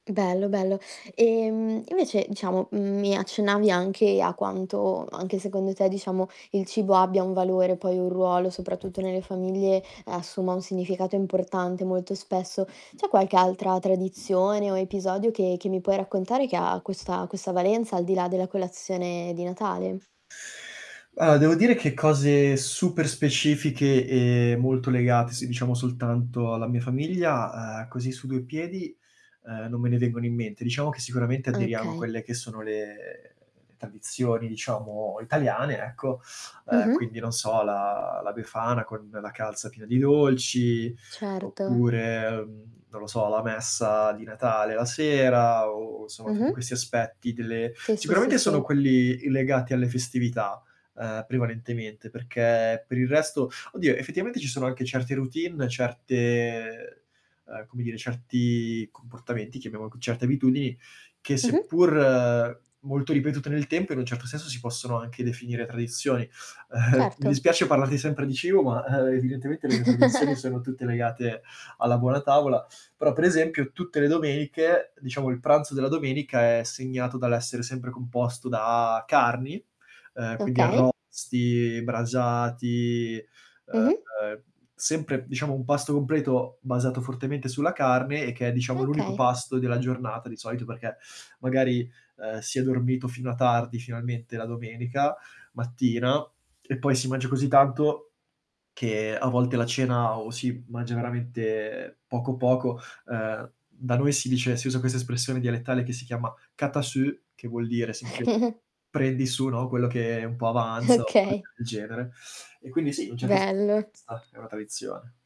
Bello, bello. Ehm, invece diciamo, mhmm, mi accennavi anche a quanto, anche, secondo te, diciamo, il cibo abbia un valore, poi, un ruolo, soprattutto nelle famiglie assuma un significato importante molto spesso. C'è qualche altra tradizione o episodio, che che mi puoi raccontare, che ha questa questa valenza, al di là della colazione di Natale? Allora, devo dire che cose super specifiche e molto legate, se diciamo soltanto alla mia famiglia, uhm, così su 2 piedi, uhm, non me ne vengono in mente. Diciamo che sicuramente aderiamo a Okay. quelle che sono le tradizioni, diciamo, italiane, ecco, uhm, Mh-mh. quindi non so, la la befana con la calza piena di dolci Certo. oppure, uhm, non lo so, la messa di Natale la sera, o somma tutti Mh-mh. questi aspetti delle Sì, sì, sì, sicuramente sono sì. quelli i legati alle festività, uhm, prevalentemente, perché per il resto Oddio, effettivamente ci sono anche certe routine, certe uhm, come dire certi comportamenti che abbiamo certe abitudini, che Mh-mh. seppur molto ripetute nel tempo, in un certo senso si possono anche definire tradizioni. Mi Certo. dispiace parlarti sempre di cibo, ma, uhm, evidentemente le mie tradizioni sono tutte legate alla buona tavola. Però, per esempio, tutte le domeniche, diciamo il pranzo della domenica, è segnato dall'essere sempre composto da carni, uhm, quindi Okay. arrosti, brasati, Mh-mh. uhm, sempre diciamo un pasto completo basato fortemente sulla carne e che è diciamo l'unico Okay. pasto della giornata di solito, perché magari, uhm, si è dormito fino a tardi finalmente la domenica mattina, e poi si mangia così tanto, che a volte la cena o si mangia veramente poco, poco uhm, da noi si dice si usa questa espressione dialettale, che si chiama: "Cata su", che vuol dire semplicemente prendi su, no, quello che un po' avanza o cose Okay. del genere. E quindi sì, un certo se punto Bello. di vista è una tradizione.